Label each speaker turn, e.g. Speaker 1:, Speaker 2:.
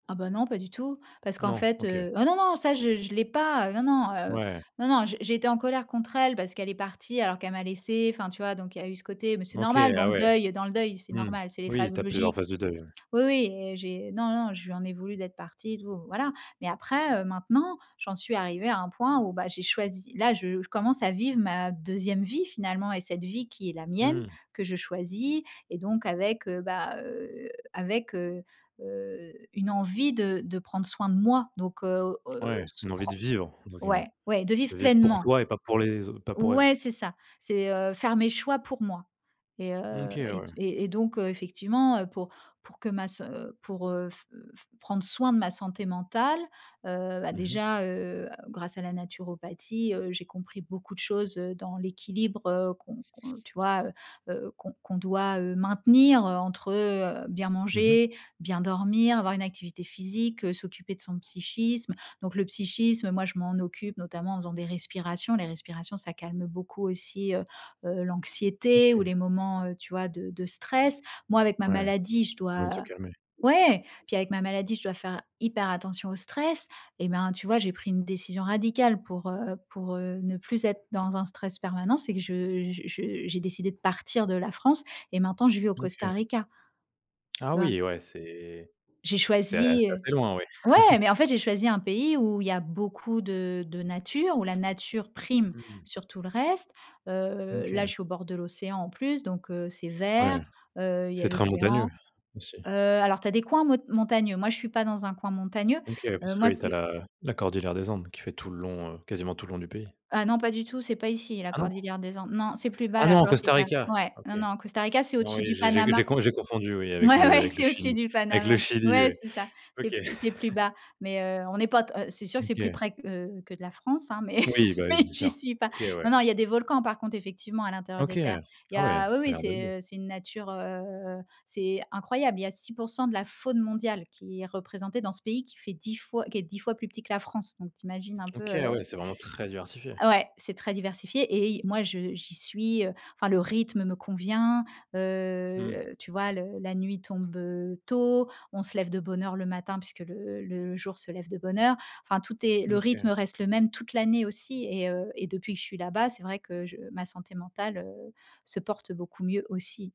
Speaker 1: Ah bah, non, pas du tout. Parce qu'en
Speaker 2: Non,
Speaker 1: fait,
Speaker 2: OK.
Speaker 1: heu oh, non, non, ça je je l'ai pas. Non non, heu,
Speaker 2: Ouais.
Speaker 1: non non, j j'étais en colère contre elle parce qu'elle est partie alors qu'elle m'a laissée enfin, tu vois? Donc il y a eu ce côté mais c'est
Speaker 2: OK,
Speaker 1: normal dans
Speaker 2: ah
Speaker 1: le
Speaker 2: ouais.
Speaker 1: deuil dans le deuil, c'est
Speaker 2: Mmh.
Speaker 1: normal, c'est les
Speaker 2: Oui
Speaker 1: phases
Speaker 2: tu as plusieurs
Speaker 1: logiques.
Speaker 2: phases de deuil, ouais.
Speaker 1: Oui, oui et j'ai non non, je lui en ai voulu d'être partie et tout, voilà. Mais après, heu, maintenant j'en suis arrivée à un point où, bah, j'ai choisi là je je commence à vivre ma 2e vie, finalement et cette vie qui est la mienne
Speaker 2: Mmh.
Speaker 1: que je choisis et donc avec, heu, bah, heu, avec, heu, heu, une envie de de prendre soin de moi donc heu, heu,
Speaker 2: Ouais,
Speaker 1: s
Speaker 2: une «envie
Speaker 1: pren
Speaker 2: de vivre», entre guillemets.
Speaker 1: ouais, ouais, de vivre
Speaker 2: De vivre pour
Speaker 1: pleinement.
Speaker 2: toi et pas pour les au pas pour elle.
Speaker 1: Ouais, c'est ça, c'est, heu, faire mes choix pour moi et heu
Speaker 2: OK
Speaker 1: et
Speaker 2: ouais.
Speaker 1: et et donc, heu, effectivement, heu, pour pour que ma s pour, heu, f f prendre soin de ma santé mentale, heu, bah,
Speaker 2: Mmh mh.
Speaker 1: déjà, heu, grâce à la naturopathie, heu, j'ai compris beaucoup de choses, heu, dans l'équilibre qu'on qu'on tu vois, heu, heu, qu'on qu'on doit, heu, maintenir, heu, entre, heu, bien
Speaker 2: Mmh mh.
Speaker 1: manger, bien dormir, avoir une activité physique, s'occuper de son psychisme. Donc le psychisme, moi je m'en occupe notamment en faisant des respirations. Les respirations ça calme beaucoup aussi, heu, heu, l'anxiété ou
Speaker 2: OK.
Speaker 1: les moments, heu, tu vois, de de stress. Moi avec ma
Speaker 2: Ouais,
Speaker 1: maladie, je dois
Speaker 2: envie de se calmer.
Speaker 1: ouais, puis avec ma maladie, je dois faire hyper attention au stress. Et ben, tu vois, j'ai pris une décision radicale pour, heu, pour, heu, ne plus être dans un stress permanent, c'est que je je je j'ai décidé de partir de la France et maintenant je vis au Costa
Speaker 2: OK.
Speaker 1: Rica.
Speaker 2: Ah
Speaker 1: Tu vois?
Speaker 2: oui, ouais, c'est
Speaker 1: J'ai
Speaker 2: c'est a c'est
Speaker 1: choisi heu,
Speaker 2: assez loin, ouais.
Speaker 1: ouais, mais en fait, j'ai choisi un pays où il y a beaucoup de de nature, où la nature prime
Speaker 2: Mmh mh.
Speaker 1: sur tout le reste. Heu, là, je
Speaker 2: OK.
Speaker 1: suis au bord de l'océan en plus, donc heu, c'est vert,
Speaker 2: Ouais,
Speaker 1: heu, il y
Speaker 2: c'est
Speaker 1: a
Speaker 2: très montagneux
Speaker 1: l'océan.
Speaker 2: aussi.
Speaker 1: Heu, alors, tu as des coins mont montagneux. Moi, je ne suis pas dans un coin montagneux.
Speaker 2: OK parce
Speaker 1: Heu,
Speaker 2: que
Speaker 1: moi,
Speaker 2: oui, tu as
Speaker 1: c'est
Speaker 2: la la cordillère des Andes qui fait tout le long, heu, quasiment tout le long du pays.
Speaker 1: Ah non, pas du tout, c'est pas ici la
Speaker 2: Ah non?
Speaker 1: cordillère des Andes. Non, c'est plus bas
Speaker 2: Ah
Speaker 1: la
Speaker 2: non, Costa
Speaker 1: cordillère.
Speaker 2: Rica,
Speaker 1: Ouais, non,
Speaker 2: OK.
Speaker 1: non, Costa Rica, c'est
Speaker 2: Non,
Speaker 1: au-dessus
Speaker 2: oui,
Speaker 1: du
Speaker 2: j'ai j'ai c
Speaker 1: Panama.
Speaker 2: j'ai con j'ai confondu, oui, avec
Speaker 1: Ouais,
Speaker 2: le
Speaker 1: ouais,
Speaker 2: avec le
Speaker 1: c'est au dessus
Speaker 2: Chili.
Speaker 1: du
Speaker 2: Avec
Speaker 1: Panama.
Speaker 2: le Chili,
Speaker 1: Ouais,
Speaker 2: oui,
Speaker 1: c'est ça. C'est
Speaker 2: OK.
Speaker 1: plus c'est plus bas, mais heu, on n'est pas t heu, c'est sûr que c'est plus
Speaker 2: OK.
Speaker 1: près q heu, que de la France, hein, mais
Speaker 2: Oui bah,
Speaker 1: mais
Speaker 2: oui, bien
Speaker 1: j'y
Speaker 2: sûr.
Speaker 1: suis pas.
Speaker 2: OK,
Speaker 1: Non,
Speaker 2: ouais.
Speaker 1: non, il y a des volcans, par contre, effectivement à l'intérieur des
Speaker 2: OK,
Speaker 1: terres. Il y
Speaker 2: ah ouais,
Speaker 1: a oui,
Speaker 2: ça a
Speaker 1: oui,
Speaker 2: l'air d'être beau.
Speaker 1: c'est, heu, c'est une nature, heu, c'est incroyable. Il y a 6 % de la faune mondiale qui est représentée dans ce pays qui fait 10 fois qui est 10 fois plus petit que la France. Donc tu imagines un peu,
Speaker 2: OK
Speaker 1: heu
Speaker 2: ouais, c'est vraiment très diversifié.
Speaker 1: Ouais, c'est très diversifié et i moi, je j'y suis, heu, enfin le rythme me convient,
Speaker 2: Mmh.
Speaker 1: heu, tu vois le la nuit tombe, heu, tôt, on se lève de bonne heure le matin puisque le le jour se lève de bonne heure. Enfin tout est le rythme
Speaker 2: OK.
Speaker 1: reste le même toute l'année aussi et heu et depuis que je suis là-bas, c'est vrai que je ma santé mentale, heu, se porte beaucoup mieux aussi.